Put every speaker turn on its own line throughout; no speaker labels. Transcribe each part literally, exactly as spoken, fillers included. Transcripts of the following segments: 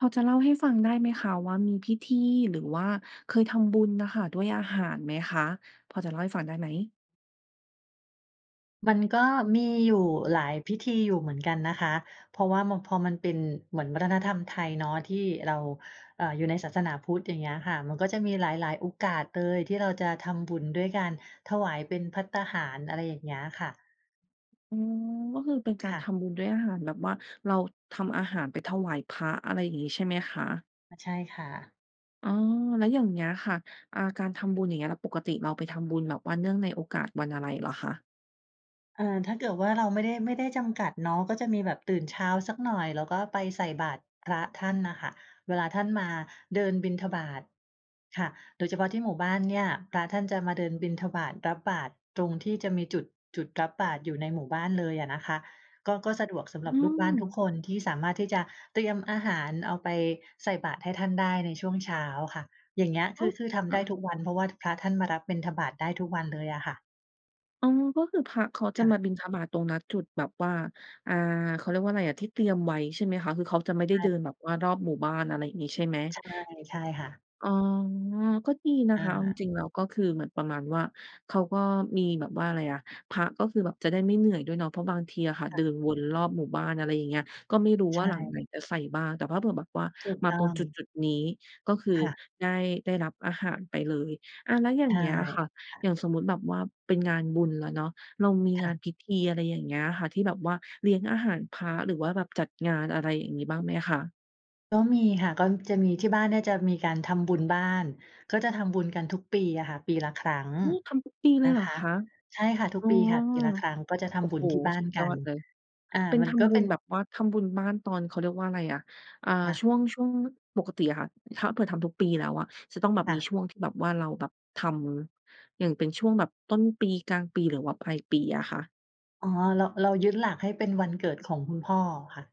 พอจะเล่าให้ฟังได้ไหมคะ ว่ามีพิธีหรือว่าเคยทำบุญน่ะค่ะ ด้วยอาหารไหมคะ พอจะเล่าให้ฟังได้ไหม?
มันก็มีอยู่หลายพิธีอยู่เหมือนกันนะคะ เพราะว่า ม พอมันเป็นเหมือนวัฒนธรรมไทยเนาะ ที่เรา เอ่อ อยู่ในศาสนาพุทธ อย่างเงี้ยค่ะ มันก็จะมีหลาย ๆ โอกาสเลยที่เราจะทำบุญด้วยกัน ถวายเป็นภัตตาหาร อะไรอย่างเงี้ยค่ะ
อ๋อ ก็คือเป็นกา
ค
ร
่
ท
ะ
ำบุญด้วยอาหาร แบบว่าเราทำอาหารไปถวายพระ อะไรอย่างงี้ใช่ไหมคะ?
อะ ใช่ค่ะ
อ๋อ แล้วอย่างเงี้ยค่ะ อ่า การทำบุญอย่างเงี้ย แล้วปกติเราไปทำบุญแบบว่าเนื่องในโอกาสวันอะไรเหรอคะ?
เออ ถ้าเกิดว่าเราไม่ได้ ไม่ได้จำกัดเนาะ ก็จะมีแบบตื่นเช้าสักหน่อย แล้วก็ไปใส่บาตรพระท่านน่ะค่ะเวลาท่านมาเดินบิณฑบาตค่ะ โดยเฉพาะที่หมู่บ้านเนี่ย พระท่านจะมาเดินบิณฑบาตรับบาตรตรงที่จะมีจุด จุดรับบาตรอยู่ในหมู่บ้านเลยอะนะคะ ก็ ก็สะดวกสำ
อ
หรับ
ื
ลูกบ้านทุก
ม
คน ที่สามารถที่จะเตรียมอาหารเอาไปใส่บาตรให้ท่านได้ในช่วงเช้าค่ะ อย่างเงี้ยค
อ๋อ
ือ คือท
เห
ำไ
รอ
ด้
คะ?
ทุกวัน เพราะว่าพระท่านมารับบิณฑบาตได้ทุกวันเลยอะค่ะ
อ๋อ ก็คือพระเขาจ
ค
ะ
่
ม
ะ
าบิณฑบาตตรงนัดจุดแบบว่า อ่า เขาเรียกว่าอะไรอะ ที่เตรียมไว้ใช่ไหมคะ? คือเขาจะไม่ได
ใ
้
ช่
เดินแบบว่ารอบหมู่บ้าน อะไรอย่างงี้ใช่ไหม?
ใช่ ใช่ค่ะ
อ๋อ ก็ดีนะ
อ
คะ เอาจ
า
ริง ๆ แล้วก็คือเหมือนประมาณว่า เขาก็มีแบบว่าอะไรอะ พระก็คือแบบจะได้ไม่เหนื่อยด้วยเนาะ เพราะบางทีอะค่ะ
ค่
เดิ
ะ
นวนรอบหมู่บ้าน อะไรอย่างเงี้ย ก็ไม่รู้
ใช
ว่าหลังไหน
่
จะใส่บ้าง แต่ถ้าเผื่อแบบว่า
ถูก
มา
ต้
ตร
อ
งจุด
ง
จุดนี้ ก็คือ
ค่ะ
ได้ ได้รับอาหารไปเลย อา แล้วอย่า
ใช
ง
่
เงี้ยค่ะ
ค่
อย
ะ
่างสมมุติแบบว่าเป็นงานบุญแล้วเนาะ เรามี
ค
ง
่
าน
ะ
พิธี อะไรอย่างเงี้ยค่ะ ที่แบบว่าเลี้ยงอาหารพระ หรือว่าแบบจัดงาน อะไรอย่างนี้บ้างไหมคะ?
ก็มีค่ะ ก้อม จะมี ที่บ้านเนี่ยจะมีการทำบุญบ้าน ก็จะทำบุญกันทุกปีอะค่ะ ปีละครั้ง
หือ ทำทุกปีเล
น
ย
ะ
เหร
ค
อ
ะ
คะ?
ใช่ค่ะ ทุ
อ
ก
๋อ
ปีค่ะ ปีละครั้งก็จะท
โอ้
ำบุ
โฮ!
ญที่บ้า
ส
น
ุด
ก
ย
ั
อ
น
ดเลย
อา
เป็น
มั
ท
นก็
ำบุ
เป็
ญ
น
แบบว่าทำบุญบ้านตอน เขาเรียกว่าอะไรอะ อ่า
ค่ะ
ช่วง ช่วงปกติอะค่ะ ถ้าเผื่อทำทุกปีแล้วอะ จะต้องแบบ
ค่
มี
ะ
ช่วงที่แบบว่าเราแบบทำ อย่างเป็นช่วงแบบต้นปี กลางปี หรือว่าปลายปีอะคะ?
อ๋อ เรา เรายึดหลักให้เป็นวันเกิดของคุณพ่อค่ะ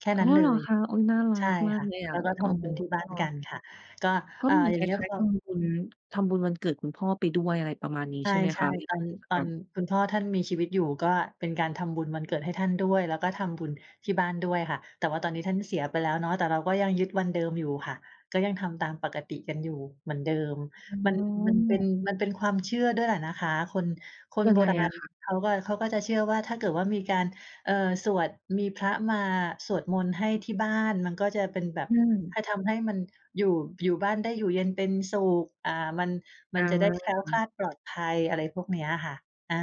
แค่
อ๋
น
อ
ั้นเล
เหรอ
ย
คะ? อุ๊ย น่ารั
ใช่
กมา
ค
ก
่ะ
เลยอ
แล
ะ
้วก็ท
อ๋อ
ำบุญที่บ้านกันค่ะ ก็
ก็
อ่า
เหมือน
อย่
ค
าง
ล
เงี้ย
้า
พ
ย ๆ ท
อ
ำบุญ ทำบุญวันเกิดคุณพ่อไปด้วย อะไรประมาณนี้
ใช
ใช่ไหมค
่
ะ เว
ๆ ต
ลา
อน
เทศ
ต
ก
อ
า
น
ล?
คุณพ่อท่านมีชีวิตอยู่ ก็เป็นการทำบุญวันเกิดให้ท่านด้วย แล้วก็ทำบุญที่บ้านด้วยค่ะ แต่ว่าตอนนี้ท่านเสียไปแล้วเนาะ แต่เราก็ยังยึดวันเดิมอยู่ค่ะ ก็ยังทำตามปกติกันอยู่เหมือนเดิม
อ๋
มัน มันเป็น
อ
มันเป็นความเชื่อด้วยแหละนะคะ คน คน
ยั
โ
ง
บ
ไง
รา
อ
ณ
ะคะ?
เขาก็ เขาก็จะเชื่อว่า ถ้าเกิดว่ามีการ เอ่อ สวด มีพระมาสวดมนต์ให้ที่บ้าน มันก็จะเป็นแบบ
อืม
ให้ทำให้มัน อยู่ อยู่บ้านได้อยู่เย็นเป็นสุข อ่า มัน ม
อ
ันจะได้แคล้วคลา
า
ดปลอดภัย อะไรพวกเนี้ยค่ะ อา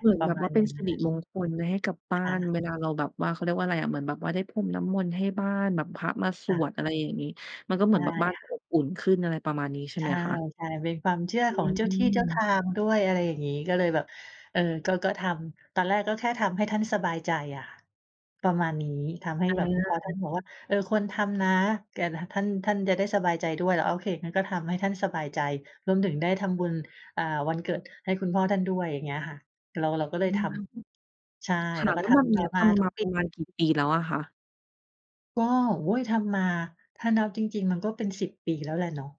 เหมือน
ปร
แบ
ะ
บ
มา
ว่
ณ
าเป
อ
็
ย
น
่าง
ส
ง
ิ
ั้น
ริมงคลให้กับบ
ค
้า
่
น
ะ
เวลาเราแบบว่า เขาเรียกว่าอะไรอะ เหมือนแบบว่าได้พรมน้ำมนต์ให้บ้าน แบบพระมาส
ค่
ว
ะ
ด อะไรอย่างนี้ มันก็เ
ใช
หมื
่
อนแบบบ้าน
ค
จ
่
ะ
ะ
อบอุ่นขึ้น อะไรประมาณนี้ใช่
ใช
ไหม
่
คะ?
ๆ เป็นความเชื่อ
อ
ของเจ้าที่เจ้าท
ืม
างด้วย อะไรอย่างงี้ ก็เลยแบบ เออ ก็ ก็ทำ ตอนแรกก็แค่ทำให้ท่านสบายใจอะค่ะ ประมาณนี้ ทำให้
อ
แบบ เพราะท่าน
า
บอกว่า เออ ควรทำนะ กัน ท ท่าน ท่านจะได้สบายใจด้วย เราก็โอเค งั้นก็ทำให้ท่านสบายใจ รวมถึงได้ทำบุญ อ่า วันเกิดให้คุณพ่อท่านด้วย อย่างเงี้ยค่ะ เรา เราก็
อ
เล
ื
ยท
ม
ำ ใช่
ค
เ
่
รา
ะ แ
ก็
ล้ว
ท
แบบ
ำ
น
ต
ี
่
้
อ
ท
มาท
ำม
ุ
า
ก
ป
ปี
ระมาณกี่ปีแล้วอะคะ?
ก็ โอ๊ย ทำมา ถ้านับจริง ๆ มันก็เป็น สิบ ปีแล้วแหละเนาะ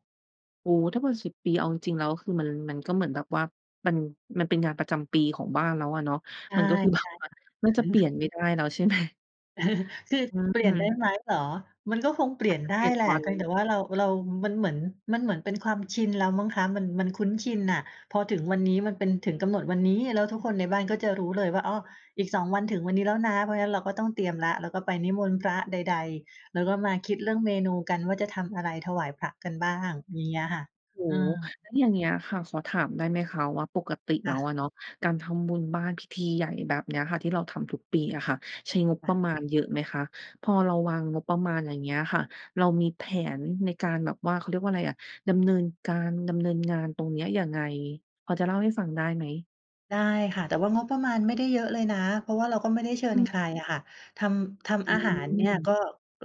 โอ้ ถ้าเป็น สิบ ปีเอาจริง ๆ แล้วคือมัน มันก็เหมือนแบบว่า มัน มันเป็นงานประจำปีของบ้านแล้วอะเนาะ
ใช
ม
่
ันก็คือ แบ
ๆ ค
บ
่ะ
ว่า น่าจะเปลี่ยนไม่ได้แล้ว ใช่ ไหม?
คือ
อ
เปลี
ื
่ยนได้
ม
ไหมเหรอ? มันก็คงเปลี
อ
่
า
ย
จ
น
จะ
ไ
เ
ด
ปลี
้
่ยน
แหล
ว
ะ
ั
เ
น
พียงแต่ว่าเรา เรามันเหมือน มันเหมือนเป็นความชินแล้วมั้งคะ มัน มันคุ้นชินน่ะ พอถึงวันนี้มันเป็นถึงกำหนดวันนี้ แล้วทุกคนในบ้านก็จะรู้เลยว่า อ๋อ อีก สอง วันถึงวันนี้แล้วนะ เพราะงั้นเราก็ต้องเตรียมแล้ว เราก็ไปนิมนต์พระใด ๆ แล้วก็มาคิดเรื่องเมนูกันว่าจะทำอะไร ถวายพระกันบ้างอย่างเงี้ยค่ะ
โอ้
อื
โฮ
ม
แล้วอย่างเงี้ยค่ะ ขอถามได้ไหมคะ? ว่าปกติแ
ค
ล้
่ะ
วอะเนาะ การทำบุญบ้านพิธีใหญ่แบบเนี้ยค่ะ ที่เราทำทุกปีอะค่ะ ใช้งบ
ค
ป
่
ระ
ะ
มาณเยอะไหมคะ? พอเราวางงบประมาณอย่างเงี้ยค่ะ เรามีแผนในการแบบว่า เขาเรียกว่าอะไรอะ ดำเนินการ ดำเนินงานตรงเนี้ยยังไง? พอจะเล่าให้ฟังได้ไหม?
ได้ค่ะ แต่ว่างบประมาณไม่ได้เยอะเลยนะ เพราะว่าเราก็ไม่ได้เชิ
อ
ญ
ือ
ใครอะค่ะ ทำ ท
อื
ำอาหารเนี่ย
ม
ก็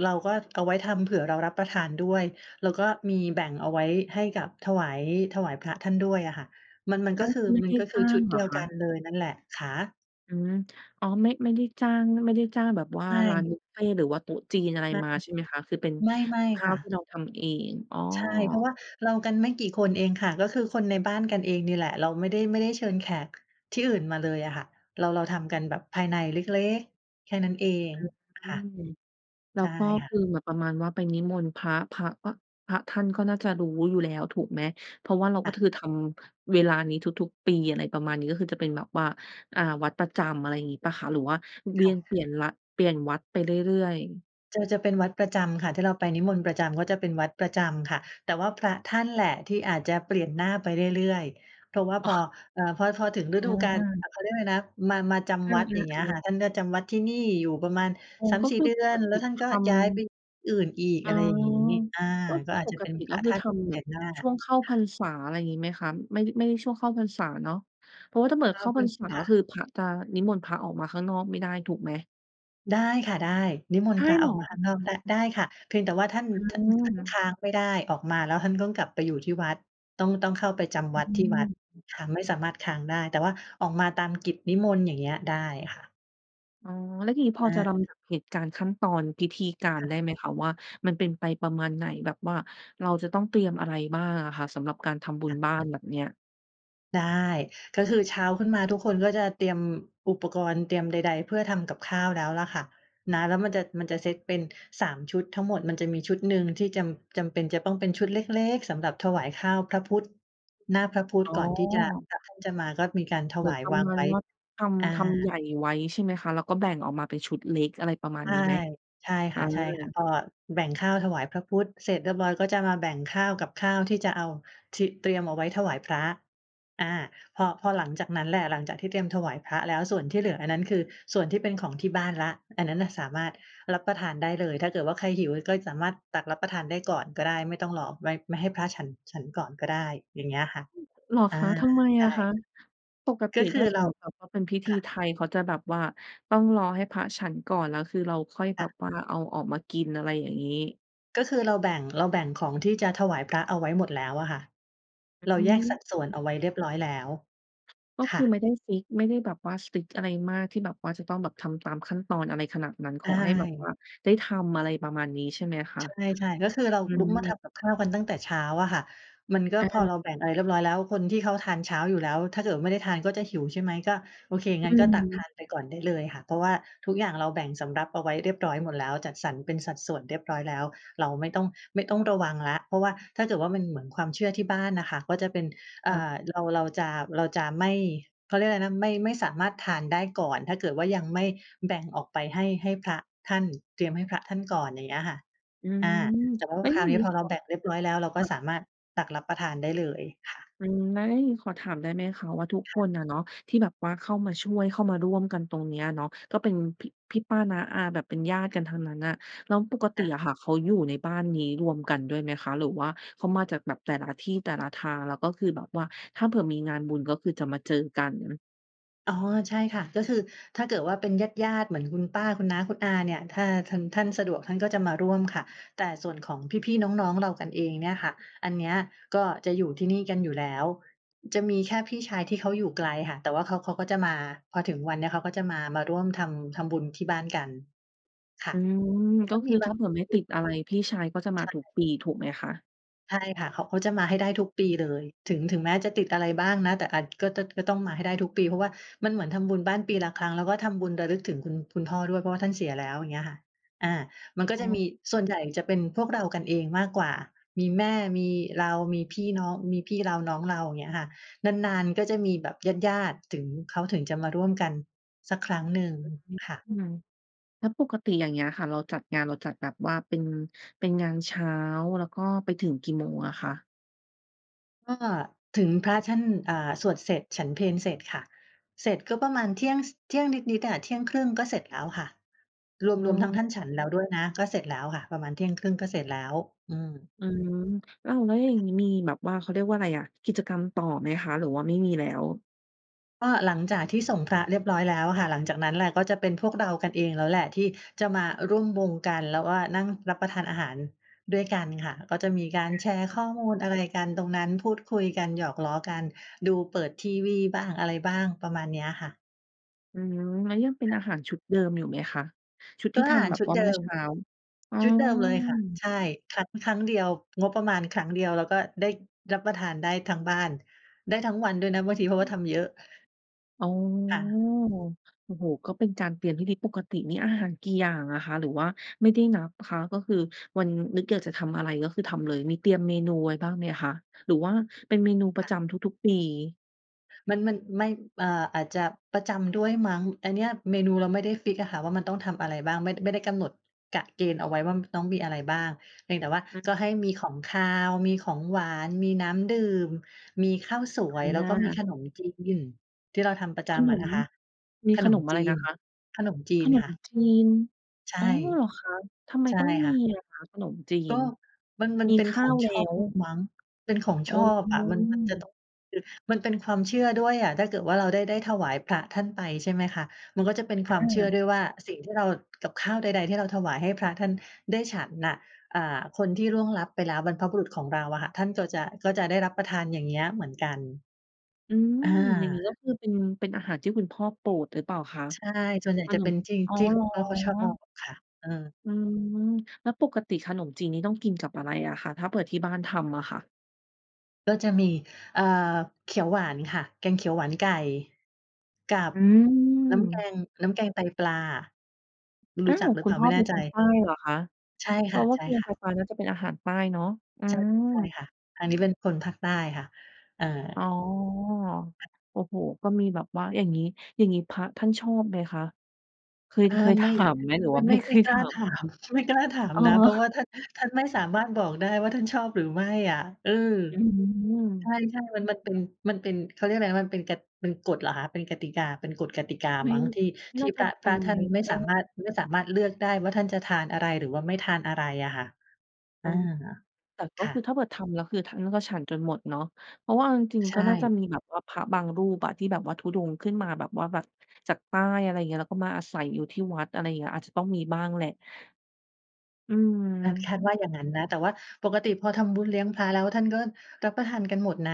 เราก็เอาไว้ทำเผื่อเรารับประทานด้วย แล้วก็มีแบ่งเอาไว้ให้กับถวาย ถวายพระท่านด้วยอะค่ะ มัน มัน
ฮ
ก็
ะ
คือ
ไม่
ม
ไ
ั
ด
น
้
ก็ค
จ
ื
้
อ
า
ช
ง
ุด
เห
เ
ร
ดี
อ
ยว
ค
กัน
ะ?
เลยนั่นแหละ คะ
อืม อ๋อ ไม่ ไม่ได้จ้าง ไม่ได้จ้างแบบว่
ใ
า
ช
ร้านบ
่
ุฟเฟต์ หรือว่าโต๊ะจีนอะไร
ไม
มาใช่ไหมคะ? คือเป็น
่ ไม
ก
่
ับข
ๆ
้
ค
า
่
วที
ะ
่เราทำเอง อ๋อ
ใช่ เพราะว่าเรากันไม่กี่คนเองค่ะ ก็คือคนในบ้านกันเองนี่แหละ เราไม่ได้ ไม่ได้เชิญแขกที่อื่นมาเลยอะค่ะ เรา เราทำกันแบบภายในเล็ก ๆ แค่นั้นเอง
อ
ค
ื
่ะ
ม แล้
ใช
ว
่
ก็
ค่
ค
ะ
ือเหมือนประมาณว่าไปนิมนต์พระ พระก็ พระท่านก็น่าจะรู้อยู่แล้ว ถูกไหม เพราะว่าเรา
ค
ก
่
็
ะ
คือทำเวลานี้ทุก ๆ ปี อะไรประมาณนี้ ก็คือจะเป็นแบบว่า อ่า วัดประจำ อะไรอย่างงี้เปล่าคะ? หรือว่าเว
ค
ี
่
ยนเป
ะ
ลี่ยนละ เปลี่ยนวัดไปเรื่อย ๆ
จะ จะเป็นวัดประจำค่ะ ที่เราไปนิมนต์ประจำก็จะเป็นวัดประจำค่ะ แต่ว่าพระท่านแหละที่อาจจะเปลี่ยนหน้าไปเรื่อย ๆ เพราะว่า
อ
พ
๋
อ
อ
อ่า พอ พอถึงฤ
อ
ดูกาล
า
อะ เขาเรียกว่าอะไรนะ มา มาจ
เอ
ำวัด อย่างเงี้ย
อ
ค่
ๆ ๆ
ะ ท่านก็จำวัดที่นี่อยู่ประมาณ
อ๋อ
สาม
ก็
สี่
คื
เ
อ
ดื
ป
อ
ก
น แล
ต
้
ิ
วท่าน
ท
ก็ย้ายไป
ำ
ที่อื่นอีก
อ๋
อ
อ
ะไรอย่างนี้ อา
ก็ค
ก็
ือ
อาจ
ป
จะ
ก
เป็น
ติ
พ
แล้
ร
ว
ะ
ค
ท
ือ
่าน
ทำ
แ
แ
ป
บ
ล
บ
กหน้า
ช
ค่
่วงเข
ะ
้าพรรษา อะไรงี้ไหมคะ? ไม่ ไม่ช่วงเข้าพรรษาเนาะ เพราะว่าถ้าเหมือน
ข
เข
อ
้
บ
า
ค
พ
ุ
ร
ณ
รษา
ค่
ค
ะ
ือ พระจะ นิมนต์พระออกมาข้างนอกไม่ได้ ถูกไหม?
ได้ค่ะ ได้ นิม
ไ
น
ด
ต์พ
้
ระ
เห
อ
ร
อกมา
อ?
ข้างนอกได้ ได้ค่ะ เพียงแต่ว่าท่าน
อื
ท่านค
ม
้างไม่ได้ ออกมาแล้วท่านต้องกลับไปอยู่ที่วัดต้อง ต้องเข้าไปจ
อ
ำวัดที่วัด
ืม
ค่ะ ไม่สามารถค้างได้ แต่ว่าออกมาตามกิจนิมนต์อย่างเงี้ยได้ค่ะ
อ๋อ แล้วทีนี้พ
อ
อจะล
า
ำดับเหตุการณ์ขั้นตอนพิธีการ
ค่
ได
ะ
้ไหมคะว่า มันเป็นไปประมาณไหน? แบบว่าเราจะต้องเตรียมอะไรบ้างอะค่ะ? สำหรับการทำบุ
ค่
ญ
ะ
บ้านแบบเนี้ย
ได้ ก็คือเช้าขึ้นมาทุกคนก็จะเตรียมอุปกรณ์เตรียมใด ๆ เพื่อทำกับข้าวแล้วล่ะค่ะ นะ แล้วมันจะ มันจะเซตเป็น สาม ชุดทั้งหมด มันจะมีชุดหนึ่งที่จำ จำเป็นจะต้องเป็นชุดเล็ก ๆ สำหรับถวายข้าวพระพุทธ หน้าพระพุทธ
อ๋อ
ก่อนที่จะ พระท่านจะมาก็มีการถ
เหมื
ว
อน
าย
ประ
วาง
มาณ
ไว้
ว่า ท
อา
ำ ทำใหญ่ไว้ใช่ไหมคะ? แล้วก็แบ่งออกมาเป็นชุดเล็ก อะไรประมา
ใ
ณ
ช
น
่
ี้ไหม?
ใช่
อ
ค
า
่ะ ใช่ค่ะ ก็แบ่งข้าวถวายพระพุทธเสร็จเรียบร้อย ก็จะมาแบ่งข้าวกับข้าวที่จะเอา ที่เตรียมเอาไว้ถวายพระ อา พอ พอหลังจากนั้นแหละ หลังจากที่เตรียมถวายพระแล้วส่วนที่เหลืออันนั้น คือส่วนที่เป็นของที่บ้านแล้ว อันนั้นน่ะสามารถรับประทานได้เลย ถ้าเกิดว่าใครหิวก็สามารถตักรับประทานได้ก่อนก็ได้ ไม่ต้องรอไว้ ไม่ให้พระฉัน ฉันก่อนก็ได้อย่างเงี้ยค่ะ
อือ เหรอ
อ่า
คะ? ทำไม
ใช
อะค
่
ะ? ปก
ก
ติ
็คื
ถ้
อ
าส
เร
ม
า
มติแบบว่าเป็นพิธ
ค
ี
่ะ
ไทยเขาจะแบบว่าต้องรอให้พระฉันก่อน แล้วคือเราค่อย
ค
แบ
่
บ
ะ
ว่าเอาออกมากินอะไรอย่างงี้
ก็คือเราแบ่ง เราแบ่งของที่จะถวายพระเอาไว้หมดแล้วอะค่ะ
อ
เรา
อื
แยก
ม
สัดส่ว
อ
น
ื
เอา
อ
ไว้เรียบร้อยแล้ว
ก็
ค
ค
่
ือไ
ะ
ม่ได้ฟิกซ์ ไม่ได้แบบว่า strict อะไรมาก ที่แบบว่าจะต้องแบบทำตามขั้นตอนอะไรขนาดนั้น ข
อ้
อ
า
ให้แบบว
ย
่าได้ทำ อะไรประมาณนี้ใช่ไหมคะ?
ใช่ ๆ ก็คือเรา
อื
ลุกมาท
ม
ำกับข้าวกันตั้งแต่เช้าอะค่ะ มันก็
อ
พอเรา
า
แบ่งอะไรเรียบร้อยแล้ว คนที่เขาทานเช้าอยู่แล้ว ถ้าเกิดว่าไม่ได้ทานก็จะหิวใช่ไหม ก็ โอเค
อ
งั้
ื
นก็ตักท
ม
านไปก่อนได้เลยค่ะ เพราะว่าทุกอย่างเราแบ่งสำรับเอาไว้เรียบร้อยหมดแล้ว จัดสรรเป็นสัดส่วนเรียบร้อยแล้ว เราไม่ต้อง ไม่ต้องระวังแล้ว เพราะว่าถ้าเกิดว่ามันเหมือนความเชื่อที่บ้านน่ะค่ะ ก็จะเป็น เ
ค
อ่อ
่ะ
เรา เราจะ เราจะไม่ เขาเรียกว่าไรนะ ไม่ ไม่สามารถทานได้ก่อน ถ้าเกิดว่ายังไม่แบ่งออกไปให้ ให้พระท่าน เตรียมให้พระท่านก่อน อย่างเงี้ยค่ะ
อือ
อา แต่ว่า
แล้
พ
วอ
ค
ย
ร
่
า
า
ว
ง
นี
ง
้
ี้
พอเราแบ่งเรียบร้อยแล้ว เรา
ค
ก็
่ะ
สามารถตักรับประทานได้เลย ค่ะ
อืม ไอ้ ขอถามได้ไหมคะว่าทุก
ค
ค
่ะ
นอะเนาะ ที่แบบว่าเข้ามาช่วย เข้ามาร่วมกันตรงเนี้ยอะเนาะ ก็เป็นพี่ พี่ ป้า น้า อา แบบเป็นญาติกันทั้งนั้นน่ะ แล้วปกติ
อา
อะค่ะเขาอยู่ในบ้านนี้รวมกันด้วยไหมคะ หรือว่าเขามาจากแบบแต่ละที่ แต่ละทาง แล้วก็คือแบบว่าถ้าเผื่อมีงานบุญก็คือจะมาเจอกัน? อือ
อ๋อ ใช่ค่ะ ก็คือถ้าเกิดว่าเป็นญาติ ๆ เหมือนคุณป้า คุณน้า คุณอาเนี่ย ถ้าทัน ท่านสะดวกท่านก็จะมาร่วมค่ะ แต่ส่วนของพี่ ๆ น้อง ๆ เรากันเองเนี่ยค่ะ อันเนี้ยก็จะอยู่ที่นี่กันอยู่แล้ว จะมีแค่พี่ชายที่เขาอยู่ไกลค่ะ แต่ว่าเขา เขาก็จะมา พอถึงวันเนี้ยเขาก็จะมา มาร่วมทำ ทำบุญที่บ้านกัน ค่ะ
อืม
มัน
ก
ก
็
็
ค
มี
ือ
บ
ถ
า
้า
ง
เผื่อไม่ติดอะไรพี่ชายก็จะม
ใ
า
ช่
ทุกปี ถูกไหมคะ?
ใช่ค่ะ เขา เขาจะมาให้ได้ทุกปีเลย ถึง ถึงแม้จะติดอะไรบ้างนะ แต่อัด ก็ จ ก็ต้องมาให้ได้ทุกปี เพราะว่ามันเหมือนทำบุญบ้านปีละครั้ง แล้วก็ทำบุญระลึกถึงคุณ คุณพ่อด้วย เพราะว่าท่านเสียแล้ว อย่างเงี้ยค่ะ อา มันก็
อ้
จะม
อ
ี ส่วนใหญ่จะเป็นพวกเรากันเองมากกว่า มีแม่ มีเรา มีพี่น้อง มีพี่เราน้องเรา เงี้ยค่ะ นาน ๆ ก็มีแบบญาติ ๆ ถึง เขาถึงจะมาร่วมกันสักครั้งหนึ่งค่ะ
อืม แล้วปกติอย่างเงี้ยค่ะ เราจัดงาน เราจัดแบบว่าเป็น เป็นงานเช้า แล้วก็ไปถึงกี่โมงอะคะ?
ก็ถึงพระท่าน อ่า สวดเสร็จ ฉันเพลเสร็จค่ะ เสร็จก็ประมาณเที่ยง ส เที่ยงนิด ๆ อะ เที่ยงครึ่งก็เสร็จแล้วค่ะ ร
อ๋
วม ๆ ทั้งท่านฉ
อ
ันแล้วด้วยนะ ก็เสร็จแล้วค่ะ ประมาณเที่ยงครึ่งก็เสร็จแล้ว อืม
อืม เล่า แล้วอย่างงี้มีแบบว่า เขาเรียกว่าอะไรอะ กิจกรรมต่อไหมคะ หรือว่าไม่มีแล้ว?
ก็หลังจากที่ส่งพระเรียบร้อยแล้วอะค่ะ หลังจากนั้นแหละ ก็จะเป็นพวกเรากันเองแล้วแหละ ที่จะมาร่วมวงกัน แล้วก็นั่งรับประทานอาหารด้วยกันค่ะ ก็จะมีกา
อ
ร
ะ
แชร
ฮ
์ข
ะ
้อมูลอะไรกันตรงนั้น พูดคุยกัน หยอกล้อกัน ดูเปิดทีวีบ้างอะไรบ้าง ประมาณเนี้ยค่ะ
อืม แล้วยังเป็น
ค่
อ
ะ
าหารชุดเดิมอยู่ไหมคะ? ชุดท
ก
ี
็
่ท
อาห
ำ
า
แ
ร
บบ
ชุด
ว่า
เด
เมื่
ิ
อ
ม
เช้า อ๋อ
ชุดเดิมเลยค่ะ ใช่ ทำครั้งเดียว งบประมาณครั้งเดียว แล้วก็ได้รับประทานได้ทั้งบ้าน ได้ทั้งวันด้วยนะบางที เพรา
อ
ะว่า
ืม
ทำเยอะ
อ๋อ
ค่ะ
โอ้โฮ ก็เป็นการเตรียมพิธี ปกตินี่อาหารกี่อย่างอะคะ? หรือว่าไม่ได้นับคะ ก็คือวัน นึกอยากจะทำอะไร ก็คือทำเลย มีเตรียมเมนูไว้บ้างไหมคะ? หรือว่าเป็นเมนูปร
ค
ะ
่
จ
ะ
ำทุก ๆ ปี
มัน มัน ไม่ อ่า อาจจะประจำด้วยมั้ง อันเนี้ยเมนูเราไม่ได้ฟิกซ์อะค่ะ ว่ามันต้องทำอะไรบ้าง ไม่ ไม่ได้กำหนดกะเกณฑ์เอาไว้ว่า ต้องมีอะไรบ้าง เพียงแต่ว่า
อือฮ
ก
ึ
็ให้มีของคาว มีของหวาน มีน้ำดื่ม มีข้าวสวย
อ
แล้วก็มีข
า
นมจีนที่เราทำประจ
ข
ำ
น
อะน
ม
ะคะ
มี
ข
ข
น
น
ม
มอะ
จ
ไร
ี
น
น
ะคะ
ขนมจี
ข
น
น
ค
ม
่ะ
จีน
ใช
อ
่
๋อ เหรอคะ ทำไม
ใช่
ต้องม
ค
ี
่ะ
อะคะ? ขนมจี
ก
น
็ มัน มัน
มี
เป็
ข
นข
้า
อ
ว
ง
แล
ช
้
อบ
ว
อ มั้ง เป็นของ
อ
ช
๋
อบอะ มัน มันจะต
อ
้อง คือ มันเป็นความเชื่อด้วยอะ ถ้าเกิดว่าเรา ได้ ได้ถวายพระท่านไป ใช่ไหมคะ มันก็จะเป็นความเชื
อ
่อ
า
ด้วยว่า สิ่งที่เรา กับข้าวใด ๆ ที่เราถวายให้พระท่านได้ฉันน่ะ อ่า คนที่ล่วงลับไปแล้ว บรรพบุรุษของเราอะค่ะ ท่านก็จะ ก็จะได้รับประทาน อย่างเงี้ย เหมือนกัน
อืม
อา
อย่างงี้ก็คือ เป็น เป็นอาหารที่คุณพ่อโปรดหรือเปล่าคะ?
ใช่ ส่วนใหญ่
ข
จะ
น
เป
ม
็นท
อ๋อ
ี่
เ
ๆ ค
ห
ุ
ร
ณ
อ
พ่อเขาชอบค่ะ เออ
อืม แล้วปกติขนมจีนนี่ต้องกินกับอะไรอะคะ? ถ้าเผื่อที่บ้านทำอะค่ะ
ก็จะมี เอ่อ เขียวหวานค่ะ แกงเขียวหวานไก่ กับ
อื
น้ำแก
ม!
ง น้ำแกงไตปลา ร
อ้
ู
า
้จั
ว
กหรือ
ค
เป
ุณ
ล่า
พ่
ไ
อ
ม่แ
เ
น
ป็
่
น
ใจ
คนใต้เหรอคะ?
ใช่
เพ
ค
ราะว่าแกงไ
่
ต
ะ ๆ
ปลาน่าจะเป็นอาหารใต้เนาะ อื
ใช่ ใช่
ม
ค่ะ อันนี้เป็นคนภาคใต้ค่ะ เออ
อ๋อ โอ้โฮ ก็มีแบบว่า อย่างงี้ อย่างงี้พระท่านชอบไหมคะ? เคย
อ่า
เคยถ
ไม
า
่
มไหม หรือ
ไม
ว
่
่า
ไ
ไ
ม
ม่
่
เค
ไม่
ย
ก
ถ
ล้า
า
ถ
ม?
าม ไม่กล้าถาม
อ๋อ
นะ เพราะว่าท่าน ท่านไม่สามารถบอกได้ว่า ท่านชอบหรือไม่อะ เออ
อื
ใ
ม
ช่ ๆ มัน มันเป็น มันเป็น เขาเรียกไรนะ มันเป็นกะ เป็นกฎเหรอคะ เป็นกติกา เป็นกฎกติกา
ไม
ม
่
ั้ง ที่ ท
น
ี
่
่
า
พ
จะ
ระ
ไ
พ
ป
ระ
ไ
ท
ห
่
ม
านไม่
ก
สาม
็
ารถ ไม่สามารถเลือกได้ว่าท่านจะทานอะไร หรือว่าไม่ทานอะไรอะค่ะ
อ
อ
ื
า
อ แต่ก
ค
็
่
คือ
ะ
ถ้าเปิดทำแล้ว คือท่านก็ฉันจนหมดเนาะ เพราะว่าเอาจริง
ใช
ๆ ก็น่าจะ
่
มีแบบว่าพระบางรูปอะที่แบบว่าธุดงค์ขึ้นมาแบบว่า แบบจากใต้ อะไรเงี้ย แล้วก็มาอาศัยอยู่ที่วัด อะไรเงี้ย อาจจะต้องมีบ้างแหละ อื
อา
ม
คาดว่าอย่างงั้นนะ แต่ว่าปกติพอทำบุญเลี้ยงพระแล้ว ท่านก็รับประทานกันหมดนะ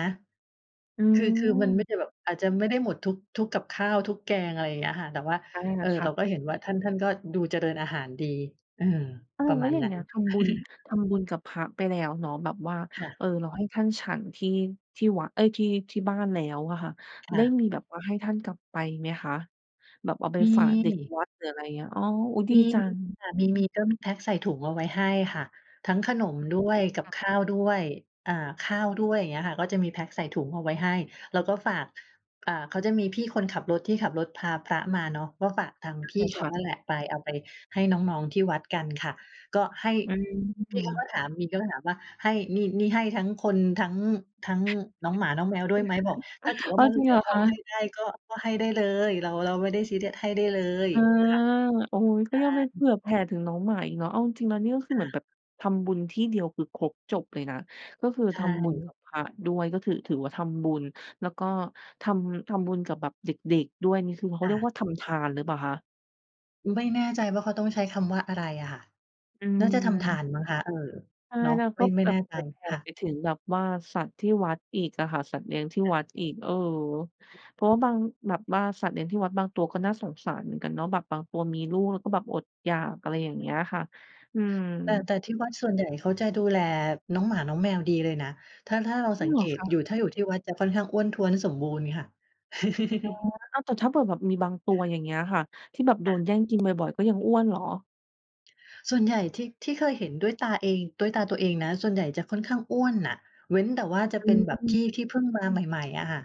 อื
คือ คือมัน
ม
ไม่ได้แบบ อาจจะไม่ได้หมดทุก ทุกกับข้าว ทุกแกง อะไรอย่างเงี้ยค่ะ แต่ว่า
อา
เอ่อ
ค่
เรา
ะ
ก็เห็นว่าท่าน ท่านก็ดูเจริญอาหารดี อืม
อ้า
ป
ว
ระ
แล
ม
้ว
าณ
อย่า
น
ง
ั
เ
้
งี
น
้ย ทำบุญ ทำบุญกับพระไปแล้วเนาะ แบบว่า
ค่
เ
ะ
ออ รอให้ท่านฉันที่ ที่วะ เอ๊ย! ที่ ที่บ้านแล้วอะค่ะ
ค
ได
่
้
ะ
มีแบบว่าให้ท่านกลับไปไหมคะ? แบบเอาไป
ม
ฝากเด็ก
ี
วัด หรืออะไรเงี้ย อ๋อ โอ้! ดี
มี
จัง
ค่ะ มี ๆ ก็มีแพ็คใส่ถุงเอาไว้ให้ค่ะ ทั้งขนมด้วย กั
ค
บ
่ะ
ข้าวด้วย อ่า ข้าวด้วย เงี้ยค่ะ ก็จะมีแพ็กใส่ถุงเอาไว้ให้ แล้วก็ฝาก อ่า เขาจะมีพี่คนขับรถที่ขับรถพาพระมาเนาะ ก็ฝากทางพ
ได
ี่
้
เข
ค
า
่ะ
นั่นแหละไป เอาไปให้น้อง ๆ ที่วัดกันค่ะ ก็ให้
อื
พี่เขาก
ม
็ถาม บางทีก็ถามว่า "ให้ นี่ นี่ให้ทั้งคน ทั้ง ทั้งน้องหมาน้องแมวด้วยไหม?" บอก "ถ้าเกิดว่
อ้
า
า
ม
ว
ัน
จ
เ
ร
ห
ิ
ล
ง
ื
เ
อ
หรอ
พ
ค
อ
ะ?
ให้ได้ ก็ ก็ให้ได้เลย เรา เราไม่ได้ซีเรียส ให้ได้เลย"
เออ
ค่ะ
โอ๊ย ก
ใ
็
ช่
ยังไปเผื่อแผ่ถึงน้องหมาอีกเนาะ เอาจริง ๆ แล้วเนี่ยก็คือ
ค
เห
่
มือนแ
ะ
บบ ทำบุญที่เดียวคือครบจบเลยนะ ก็คือ
ใช
ทำบุญกั
่
บพระด้วย ก็ถือ ถือว่าทำบุญ แล้วก็ทำ ทำบุญกับแบบเด็ก ๆ ด้วย นี่คือเขา
ค
เ
่
รียก
ะ
ว่าทำทานหรือเปล่าคะ?
ไม่แน่ใจว่าเขาต้องใช้คำว่าอะไรอะค่ะ
อ
น่าจะทำทา
ืม
นมั้งคะ เออ
ใช่
เนาะ
แล้ว
ไม
ก็
่ ไม่
แบ
แน
บ
่ใ
เผ
จ
ื่อแผ่
ค่ะ
ไปถึงแบบว่าสัตว์ที่วัดอีกอะค่ะ สัตว์เลี้ยงที่วัดอีก เออ เพราะว่าบาง แบบว่าสัตว์เลี้ยงที่วัดบางตัวก็น่าสงสารเหมือนกันเนาะ แบบบางตัวมีลูก แล้วก็แบบอดอยาก อะไรอย่างเงี้ยค่ะ อืม
แต่ แต่ที่วัดส่วนใหญ่เขาจะดูแลน้องหมาน้องแมวดีเลยนะ ถ้า ถ้าเรา
จริ
สั
ง
ง
เห
เ
ร
ก
อ
ต
ค
อยู
ะ?
่ ถ้าอยู่ที่วัดจะค่อนข้างอ้วนท้วนสมบูรณ์ค่ะ
อ๋อ อ้าว แต่ถ้าเบื่อแบบมีบางตัว อย่างเงี้ยค่ะ ที่แบบโด
ค่ะ
นแย่ง กินบ่อย ๆ ก็ยังอ้วนเหรอ?
ส่วนใหญ่ ที่ ที่เคยเห็นด้วยตาเอง ด้วยตาตัวเองนะ ส่วนใหญ่จะค่อนข้างอ้วนน่ะ เว้นแต่ว่าจะ
อ
เป็นแบบ
ื
ท
ม
ี่ ที่เพิ่งมาใหม่ ๆ อะค่ะ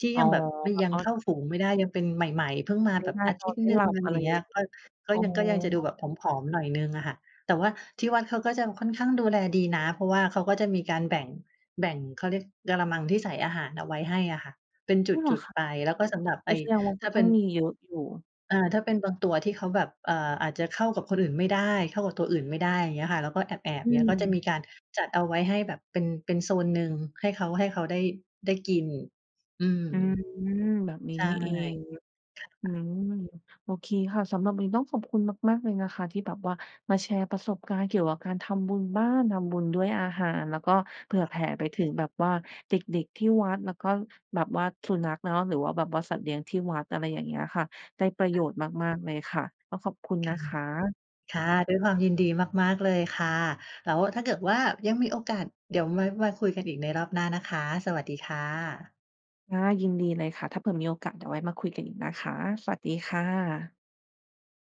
ที่
อ๋
ย
อ
ังแบบ ม
พัก
ยัง
ออ
เ
ด
ข้าฝูงไม่ได้ ยังเป็นใหม่ ๆ เพิ่งม
ก
า
ินไ
แ
ม
บ
่
บ
ได้
อา
น
ทิ
อ
ต
น
ย์
ไม่
หนึ
ห
่ง
ลับ
อะไร
อะไ
อ
ร
ย่างเง
อ
ี้
ย่า
ย
ง
ก็ ก็
อ๋อ
ยัง ก็ยังจะดูแบบผอม ๆ หน่อยหนึ่งอะค่ะ แต่ว่าที่วัดเขาก็จะค่อนข้างดูแลดีนะ เพราะว่าเขาก็จะมีการแบ่ง แบ่ง เขาเรียก กะละมังที่ใส่อาหารเอาไว้ให้อะค่ะ เป็นจ
อ๋อ เหรอ
ุด
คะ?
ๆ ไป แล้วก็สำหรับ
อ
ไอ
ุ๊ย
้
แสดงว่า
ถ
ก็
้า
ต
เ
้
ป
อ
็
ง
น
มีเยอะอยู่
อา ถ้าเป็นบางตัวที่เขาแบบ เอ่อ อาจจะเข้ากับคนอื่นไม่ได้ เข้ากับตัวอื่นไม่ได้ อย่างเงี้ยค่ะ แล้วก็แอบ
อ
ๆ เงี้ย ก็จะม
ืม
ีการจัดเอาไว้ให้แบบเป็น เป็นโซนหนึ่ง ให้เขา ให้เขาได้ ได้กิน อืม
อืม แบบนี้
ใช่
นี่เอง
ค
อื
่ะ
ม โอเคค่ะ สำหรับวันนี้ต้องขอบคุณมาก ๆ เลยนะคะ ที่แบบว่ามาแชร์ประสบการณ์เกี่ยวกับการทำบุญบ้าน ทำบุญด้วยอาหาร แล้วก็เผ
ค
ื่
่
อแผ
ะ
่ไปถึงแบบว่าเด็ก ๆ ที่วัด แล้วก็แบบว่าสุนัขเนาะ หรือว่าแบบว่าสัตว์เลี้ยงที่วัด อะไรอย่างเงี้ยค่ะ ได้ประโยชน์มาก ๆ เลยค่ะ ก็ขอบคุณ
ค
น
่
ะ
ะ
คะ
ค่ะ ด้วยความยินดีมาก ๆ เลยค่ะ แล้วถ้าเกิดว่ายังมีโอกาสเดี๋ยวไว้มาคุยกันอีกในรอบหน้านะคะ สวัสดีค่ะ
ค่ะ ยินดีเลยค่ะ ถ้าเผื่อมีโอกาสเดี๋ยวไว้มาคุยกันอีกนะคะ สวัสดีค่ะ